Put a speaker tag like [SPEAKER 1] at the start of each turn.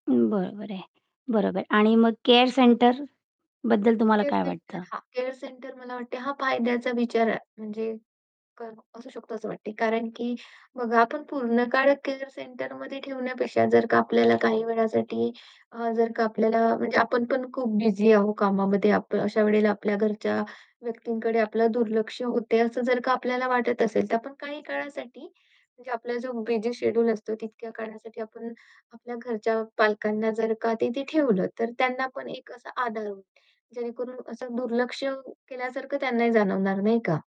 [SPEAKER 1] अं, बरोबर आहे, बरोबर. आणि मग केअर सेंटर बद्दल तुम्हाला
[SPEAKER 2] केअर
[SPEAKER 1] काय
[SPEAKER 2] सेंटर
[SPEAKER 1] वाटतं?
[SPEAKER 2] हां, केअर सेंटर मला वाटते हा फायद्याचा विचार आहे म्हणजे का असू शकतो असं वाटते कारण, की बघा आपण पूर्ण काळ केअर सेंटरमध्ये ठेवण्यापेक्षा, जर का आपल्याला काही वेळासाठी अ, जर का आपल्याला म्हणजे आपण पण खूप बिझी आहो कामामध्ये आप अशा वेळेला आपल्या घरच्या व्यक्तींकडे आपलं दुर्लक्ष होतय असं जर का आपल्याला वाटत असेल, तर आपण काही काळासाठी म्हणजे आपला जो बिझी शेड्यूल असतो तितक्या काळासाठी आपण आपल्या घरच्या पालकांना जर का तिथे ठेवलं, तर त्यांना पण एक असा आधार होईल, जेणेकरून असं दुर्लक्ष केल्यासारखं त्यांनाही जाणवणार नाही का?